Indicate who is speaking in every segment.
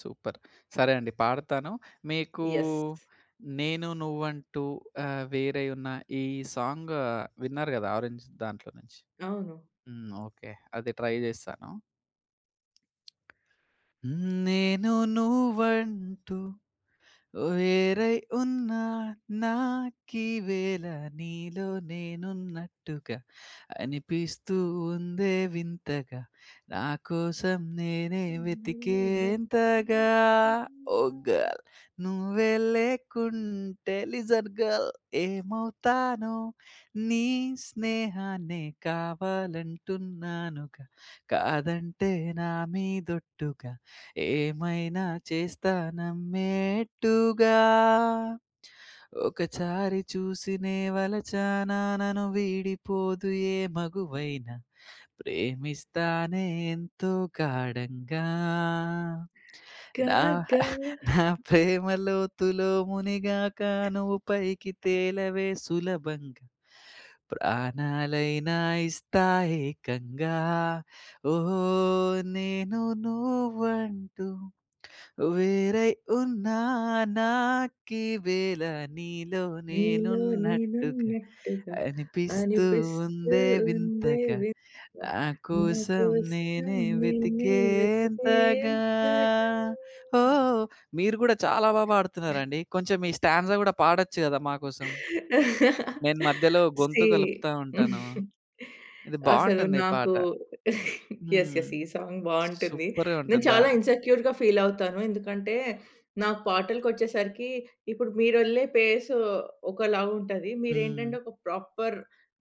Speaker 1: Super. సరే అండి. పాడతాను మీకూ
Speaker 2: యెస్.
Speaker 1: 'నేను నువ్వు అంటూ ఆహ్, వేరై యున్నా' ఈ సాంగ్ విన్నారు గదా! 'ఆరెంజ్' దాంట్లో నుంచి.
Speaker 2: అవును.
Speaker 1: హ్మ్. ఓకే. అది ట్రై జేస్తాను. హ్మ్ నేను నువ్వంటూ వేరై ఉన్నా నా కీవేళ నీలో నేనున్నట్టుగ అనిపిస్తూ ఉందే వింతగ, నాకోసం నేనే
Speaker 2: నేనే వెతికేంతగా
Speaker 1: వెతికేంతగా ఓ గర్ల్. నువ్వే లేకుంటే లిజన్ గర్ల్, ఏమవుతానో నీ స్నేహాన్నే కావాలంటున్నానుగ. కాదంటే నా మీదొట్టుగ ఏమైనా చేస్తా నమ్మేట్టుగా. ఒకచారి చూసినే వలచనా నను వీడిపోదు ఏ మగువైన, ప్రేమిస్తానే ఎంతో ఘాఢంగా.
Speaker 2: కా
Speaker 1: నా
Speaker 2: ఘ
Speaker 1: నా ప్రేమ లోతులో మునిగాక నువ్వు పైకి తేలవే సులభంగా. ప్రాణాలైనా ఇస్తా ఏకంగా. ఓహ్ నేను నువ్వంటూ వేరై ఉన్నా నాకీవేల నీలో
Speaker 2: నీలో
Speaker 1: నేనున్నట్టుగ
Speaker 2: నేనున్నట్టుగా
Speaker 1: అనిపిస్తూ
Speaker 2: అనిపిస్తూ
Speaker 1: ఉందే
Speaker 2: ఉందే
Speaker 1: వింతగ
Speaker 2: వింతగా
Speaker 1: నా కోసం
Speaker 2: నాకోసం
Speaker 1: నేనే
Speaker 2: నేనే
Speaker 1: వెతికేంతగా
Speaker 2: వెతికేంతగా.
Speaker 1: ఓ. మీరుగూడా చాలా బాగా బాడుతున్నారండి. కొంచెం ఈ స్టాంజా గూడా పాడొచ్చు గదా! మాకోసం. నేను మధ్యలో
Speaker 2: సీ.
Speaker 1: గొంతు గలుపుతా ఉంటాను. ఇది
Speaker 2: అసలు
Speaker 1: బావుంటుంది ఈ
Speaker 2: నాకు
Speaker 1: పాట.
Speaker 2: యెస్!
Speaker 1: హ్మ్.
Speaker 2: యెస్! ఈ సాంగ్ బావుంటుంది.
Speaker 1: సూపర్‌గా
Speaker 2: నేను
Speaker 1: ఉంటద్ద
Speaker 2: చాలా ఇన్సెక్యూర్‌గా ఫీలవుతాను. ఎందుకంటే నాకు పాటలకొచ్చేసరికి ఇప్పుడు మీరె‌ళ్ళే పేసు ఒకలా ఉంటది.
Speaker 1: హ్మ్.
Speaker 2: మీరేంటంటే ఒక ప్రాపర్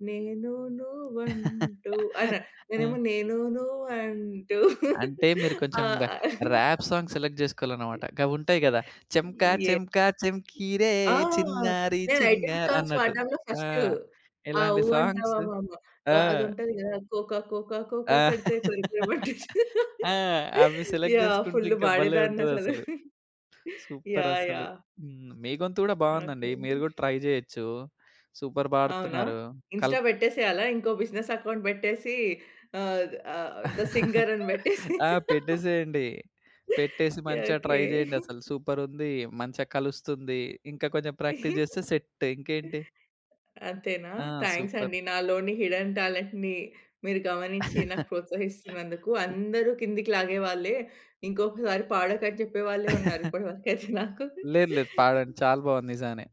Speaker 2: నేను నువ్వుంటూ అన నేనేమో
Speaker 1: హ్మ్.
Speaker 2: నేను నువంటు
Speaker 1: అంటే మీరు
Speaker 2: ఆ!
Speaker 1: కొంచెం‌గ ర్యాప్ సాంగ్ సెలెక్ట్ జేసుకోవాలన్నమాట. గవుంటాయి గదా! చెంకా
Speaker 2: ఎస్
Speaker 1: చెంకా చెంకీ రే
Speaker 2: ఆ!
Speaker 1: చిన్నారి
Speaker 2: నేను ఐ‌టం
Speaker 1: చింగార్
Speaker 2: సాంగ్స్
Speaker 1: అన్నట్టు
Speaker 2: పాడ్డంలో
Speaker 1: ఆ!
Speaker 2: ఫస్టు. ఆ
Speaker 1: ఎలాంటి
Speaker 2: 'ఊ
Speaker 1: సాంగ్స్.
Speaker 2: అంటావా మామ'.
Speaker 1: ఆ!
Speaker 2: ఆ అదుంటది గదా, కోకా కోకా
Speaker 1: ఆ!
Speaker 2: కోకా కడితే కొరికెయమంటూ చు
Speaker 1: ఆ! అవి సెలెక్ట్
Speaker 2: యాహ్!
Speaker 1: జేసుకుంటే
Speaker 2: ఫుల్
Speaker 1: ఇంక భలే
Speaker 2: పాడేదాన్నసలు
Speaker 1: ఉంటద‌స్స‌లు. Super
Speaker 2: yeah!
Speaker 1: అసలు.
Speaker 2: యాహ్!
Speaker 1: హ్మ్. మీ గొంతు గూడా బావుందండి.
Speaker 2: ఓకే.
Speaker 1: మీరు గూడా ట్రై జేయొచ్చు. సూపర్
Speaker 2: అవునా?
Speaker 1: పాడుతున్నారు. కల్
Speaker 2: ఇన్‌స్టా బెట్టేసేయాల? ఇంకో బిజినెస్ అకౌంట్ బెట్టేసి ఆ ఆ థ సింగర్ అని బెట్టేసి
Speaker 1: ఆ! పెట్టేసేయండి. పెట్టేసి మంచిగా ట్రై
Speaker 2: ఓకే.
Speaker 1: జేయండి. అసలు సూపర్ ఉంది. మంచిగా కలుస్తుంది. ఇంకా కొంచెం ప్రాక్టీస్ జేస్తే సెట్ ఇంకేంటి?
Speaker 2: అంతేనా?
Speaker 1: ఆ!
Speaker 2: Thanks
Speaker 1: super.
Speaker 2: అండి. నాలోని హిడెన్ టాలెంట్‌ని మీరు గమనించి నాకు ప్రోత్సహిస్తున్నందుకు.
Speaker 1: సూప్
Speaker 2: అందరు కిందకి లాగే‌వాళ్ళే. ఇంకొకసారి పాడకని చెప్పే వాళ్ళే ఉన్నారు ఇప్పటి వరకయితే నాకు.
Speaker 1: లేదు లేదు పాడండి. చాలా బాగుంది నిజంగానే.